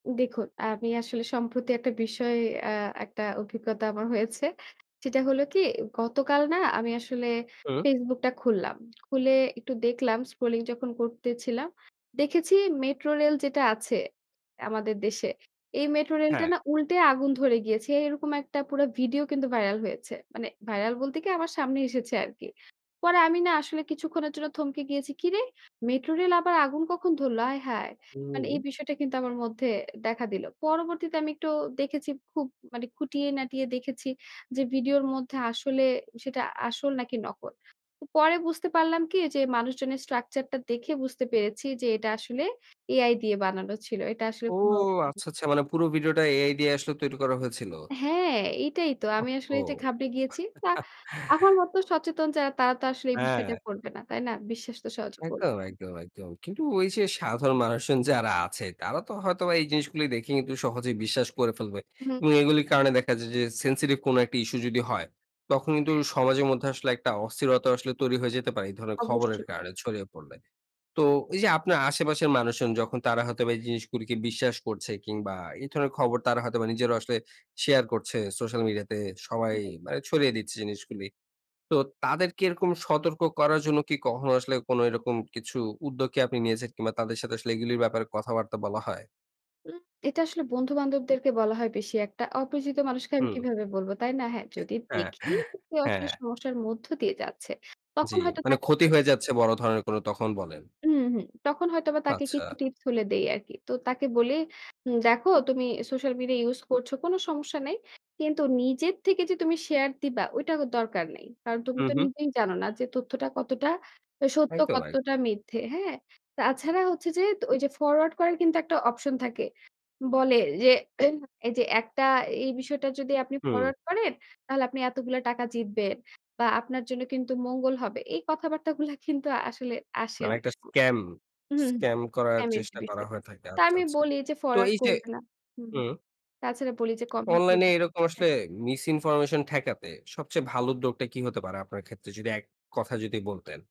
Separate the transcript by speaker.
Speaker 1: দেখুন আমি আসলে সম্প্রতি একটা বিষয় আ একটা অভিজ্ঞতা আমার হয়েছে। সেটা হলো কি, গতকাল না আমি আসলে
Speaker 2: হুম।
Speaker 1: Facebook টা খুললাম। খুলে একটু দেখলাম স্ক্রোলিং যখন করতেছিলাম। দেখেছি মেট্রোরেল যেটা আছে, আমাদের দেশে। এই মেট্রো রেলটা
Speaker 2: হ্যাঁ।
Speaker 1: না উল্টে আগুন ধরে গিয়েছে। এরকম একটা পুরা ভিডিও কিন্তু ভাইরাল হয়েছে। মানে ভাইরাল বলতে কি আমার সামনে এসেছে আরকি। পরে আমি না আসলে কিছুক্ষণের জন্য থমকে গিয়েছি, "কিরে! মেট্রোরেল আবার আগুন কখন ধরলো? আয় হায়।" মানে এই
Speaker 2: হুম।
Speaker 1: বিষয়টা কিন্তু আমার মধ্যে দেখা দিল। পরবর্তীতে আমি একটু দেখেছি খুব মানে খুঁটিয়ে-নাটিয়ে দেখেছি যে ভিডিওর মধ্যে আসলে, সেটা আসল নাকি নকল। তো পরে বুঝতে পারলাম কি, যে মানুষজনের স্ট্রাকচার টা দেখে বুঝতে পেরেছি যে এটা আসলে AI দিয়ে বানানো ছিল। এটা আসলে
Speaker 2: ও!
Speaker 1: কোন হু উ
Speaker 2: আচ্ছা, আচ্ছা মানে পুরো ভিডিওটা AI দিয়ে আসলে তৈরি করা হয়েছিল?
Speaker 1: হ্যাঁ, এটাই তো। আমি আসলে
Speaker 2: ওহহো।
Speaker 1: এইটা ঘাবড়ে গিয়েছি। তা আমার মত সচেতন যারা তারা তো আসলে এই বিষয়টা
Speaker 2: হ্যাঁ।
Speaker 1: করবে না। তাই না? বিশ্বাস তো সহজ করবে
Speaker 2: একদম,
Speaker 1: না।
Speaker 2: একদম, একদম। কিন্তু ওই যে সাধারণ মানুষজন যারা আছে তারা তো হয়তো বা এই জিনিসগুলোই দেখে কিন্তু সহজেই বিশ্বাস করে ফেলবে।
Speaker 1: হুম।
Speaker 2: এবং এগুলির কারণে দেখা যায় যে সেনসিটিভ কোনো একটা ইস্যু যদি হয়, তখন কিন্তু
Speaker 1: হ্যাঁ।
Speaker 2: সমাজের মধ্যে আসলে একটা অস্থিরতা আসলে তৈরি হয়ে যেতে পারে, এই ধরনের খবরের
Speaker 1: অবশ্যই।
Speaker 2: কারণে ছড়িয়ে পড়লে। তো এই যে আপনার আশেপাশের মানুষজন যখন তারা হয়তো বা এই জিনিসগুলিকে বিশ্বাস করছে, কিংবা এই ধরনের খবর তারা হয়তোবা নিজেরাও আসলে শেয়ার করছে সোশ্যাল মিডিয়া তে সবাই
Speaker 1: সেটাই।
Speaker 2: মানে ছড়িয়ে দিচ্ছে জিনিসগুলি। তো তাদেরকে এরকম সতর্ক করার জন্য কি কখনো আসলে কোনো এরকম কিছু উদ্যোগকে আপনি নিয়েছেন? কিংবা তাদের সাথে আসলে এগুলির ব্যাপারে কথাবার্তা বলা হয়?
Speaker 1: উম এটা আসলে বন্ধু-বান্ধবদেরকে বলা হয় বেশি একটা। অপরিচিত মানুষকে আমি
Speaker 2: হুম।
Speaker 1: কিভাবে বলব, তাই না? হ্যাঁ, যদি
Speaker 2: হ্যাঁ,
Speaker 1: দেখি যে কেউ আসলে
Speaker 2: হ্যাঁ।
Speaker 1: সমস্যার মধ্য দিয়ে যাচ্ছে। তখন
Speaker 2: জ্বী,
Speaker 1: হয়তো
Speaker 2: মানে
Speaker 1: তাকে
Speaker 2: ক্ষতি
Speaker 1: বল
Speaker 2: হয়ে যাচ্ছে বড় ধরনের কোনো তখন বলেন।
Speaker 1: উমহু। তখন হয়তো বা তাকে
Speaker 2: আচ্ছা।
Speaker 1: কিছু টিপস হলেও দেই আরকি। তো তাকে বলি, "উম দেখো তুমি সোশ্যাল মিডিয়া ইউজ করছ। কোনো সমস্যা নাই। কিন্তু নিজের থেকে যে তুমি শেয়ার দিবা ওইটা দরকার নেই। কারণ তুমি
Speaker 2: হু,
Speaker 1: তো
Speaker 2: হু।
Speaker 1: নিজেই জানো না যে তথ্যটা কতটা সত্য,
Speaker 2: একদম,
Speaker 1: কতটা
Speaker 2: একদম।
Speaker 1: মিথ্যে, হ্যাঁ?" তাছাড়া হচ্ছে যে ত ওই যে ফরওয়ার্ড করার কিন্তু একটা অপশন থাকে। বলে যে এই যে, "একটা এই বিষয়টা যদি আপনি
Speaker 2: হুম।
Speaker 1: ফরওয়ার্ড করেন, তাহলে আপনি এতগুলা টাকা জিতবেন। বা আপনার জন্য কিন্তু মঙ্গল হবে।" এই কথাবার্তাগুলা কিন্তু আসলে আসে
Speaker 2: মানে
Speaker 1: অনেক
Speaker 2: একটা
Speaker 1: সময়।
Speaker 2: স্কাম
Speaker 1: উহুম,
Speaker 2: স্কাম করার
Speaker 1: ফ্যামিলি
Speaker 2: চেষ্টা করা
Speaker 1: বিষয়
Speaker 2: হয়ে
Speaker 1: থাকে।
Speaker 2: থাকে।
Speaker 1: তা
Speaker 2: আচ্ছা,
Speaker 1: আমি
Speaker 2: আচ্ছা।
Speaker 1: বলি যে,
Speaker 2: তো
Speaker 1: "ফরওয়ার্ড
Speaker 2: এই যে
Speaker 1: করবে না।" হুম, হুম
Speaker 2: হুম।
Speaker 1: তাছাড়া বলি যে, "কমেন্ট
Speaker 2: অনলাইন
Speaker 1: করবে"
Speaker 2: এ এরকম
Speaker 1: হ্যাঁ।
Speaker 2: আসলে মিস-ইনফরমেশন ঠেকাতে সবচেয়ে ভালো উদ্যোগটা কি হতে পারে আপনার ক্ষেত্রে? যদি এক কথায় যদি বলতেন।